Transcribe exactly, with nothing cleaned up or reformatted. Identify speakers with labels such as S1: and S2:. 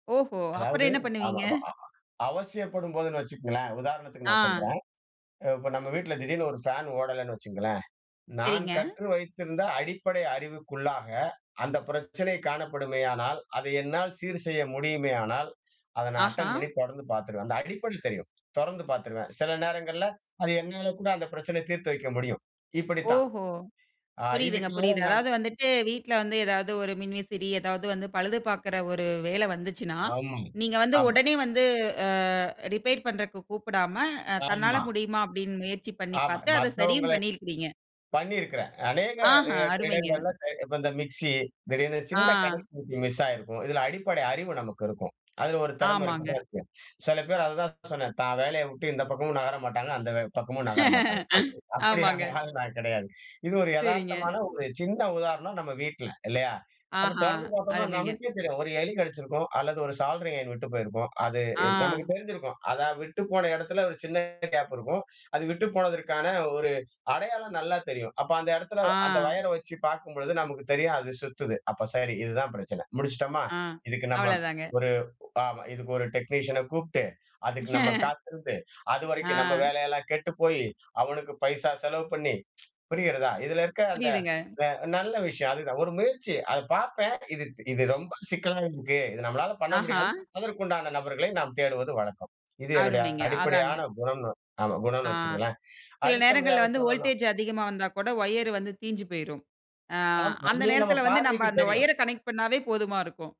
S1: ஓஹோ!
S2: அதாவது,
S1: அப்புறம் என்ன பண்ணுவீங்க?
S2: ஆமாமா அ அவசியப்படும்போதுன்னு வச்சுக்கங்களேன், உதாரணத்துக்கு நான்
S1: ஆ.
S2: சொல்றேன். அ இப்ப நம்ம வீட்ல திடீர்னு ஒரு ஃபேன் ஓடல்லன்னு வெச்சுக்கொங்களேன், நான்
S1: சரிங்க.
S2: கற்று வைத்திருந்த அடிப்படை அறிவுக்குள்ளாக அந்த பிரச்சனை காணப்படுமேயானால், அத என்னால் சீர் செய்ய முடியுமேயானால், அத நான்
S1: ஆஹா.
S2: அட்டெண்ட் பண்ணி தொறந்து பார்த்துருவேன். அந்த அடிப்படை தெரியும். தொறந்து பார்த்துருவேன். சில நேரங்கள்ல அது என்னால கூட அந்த பிரச்சனயை தீர்த்து வைக்க முடியும். இப்டித்தான்.
S1: ஓஹோ!
S2: ஆ
S1: புரியுதுங்க,
S2: இதுக்காக
S1: புரியுது.
S2: நான்
S1: அதாது வந்துட்டு வீட்ல வந்து ஏதாவது ஒரு மின்விசிறி ஏதாவது வந்து பழுது பார்க்கிற ஒரு வேல வந்துச்சுன்னா,
S2: ஆமாம்,
S1: நீங்க வந்து
S2: ஆமாம்.
S1: உடனே வந்து அ ரிப்பேர் பண்றக்கு கூப்பிடாம, அ தன்னால
S2: ஆமா.
S1: முடியுமா? அப்டின்னு முயற்சி பண்ணி
S2: ஆமா,
S1: பார்த்து அத சரியும்
S2: மத்தவங்கள
S1: பண்ணி இருக்கிறீங்க.
S2: பண்ணியிருக்கிறேன். அநேக
S1: ஆஹா!
S2: இட
S1: அருமைங்க.
S2: இடங்கள்ல, இப்ப இந்த மிக்ஸி திடீர்னு
S1: ஆ,
S2: சின்ன கனெக்டிவிட்டி மிஸ் ஆகிருக்கும். இதில அடிப்படை அறிவு நமக்கு இருக்கும். அதில ஒரு திறம இருக்கு
S1: ஆமாங்க.
S2: பாருங்க. சில பேர் அத தான் சொன்னேன் தான் வேலைய வுட்டு இந்த பக்கமும் நகர மாட்டாங்க அந்த வே பக்கமும் நகர மாட்டாங்க. அப் அப்டியான
S1: ஆமாங்க.
S2: ஆள் நான் கிடையாது. இது ஒரு
S1: சரிங்க.
S2: எதார்த்தமான ஒரு சின்ன உதாரணம் நம்ம வீட்ல. இல்லயா? அத
S1: ஆஹா!
S2: தொறந்து பார்த்தோம்னா
S1: அருமைங்க.
S2: நமக்கே தெரியும். ஒரு எலி கடிச்சிருக்கும் அல்லது ஒரு சாலரி ஐயன் விட்டு போயிருக்கும். அது என் நமக்கு
S1: ஆ.
S2: தெரிஞ்சிருக்கும். அதா விட்டு போன இடத்துல ஒரு சின்ன கேப் இருக்கும். அது விட்டு போனதற்கான ஒரு அடையாளம் நல்லா தெரியும். அப்ப அந்த இடத்தில,
S1: ஆ.
S2: அந்த வயர் வெச்சு பார்க்கும்பொழுது நமக்கு தெரியும் அது சுத்துது. அப்ப சரி இதுதான் பிரச்சன. முடிச்சுட்டோமா?
S1: ஆ
S2: இதுக்கு நம்ம
S1: அவ்வள தாங்க.
S2: ஒரு அ இதுக்கு ஒரு டெக்னீசியன கூப்ட்டு அதுக்கு நம்ம காத்திருந்து, அதுவரைக்கும் நம்ம
S1: ஆ.
S2: வேலையெல்லாம் கெட்டுப்போய், அவனுக்கு பைசா செலவு பண்ணி புரிகிறதா? இதில இருக்க அந்த
S1: புரியுதுங்க.
S2: ந்த நல்ல விஷயம் அதுதான் ஒரு முயற்சி அத பார்ப்பேன் இது இது ரொம்ப சிக்கலா இருக்கு. இது நம்மளால பண்ண
S1: ஆஹா.
S2: முடியாது, அதற்க்கு உண்டான நபர்களை நம்ம தேடுவது வழக்கம். இது என்னுடைய
S1: அருமைங்க! அதாங்க.
S2: அடிப்படையான குணம்னு அமா
S1: ஆ.
S2: குணம்னு வச்சுக்கங்களேன்.
S1: சில நேரங்கள்ல
S2: அடுத்தபடியாக
S1: வந்து
S2: சொல்லணும்.
S1: வோல்டேஜ் அதிகமா வந்தா கூட வயர் வந்து தீஞ்சு போய்ரும். ஆ,
S2: ஆம்.
S1: அந்த
S2: அதே நம்ம
S1: நேரத்தில வந்து நம்ம
S2: பார்வைக்கு
S1: அந்த
S2: தெரியும்.
S1: வயர கனெக்ட் பண்ணாவே போதுமா இருக்கும்.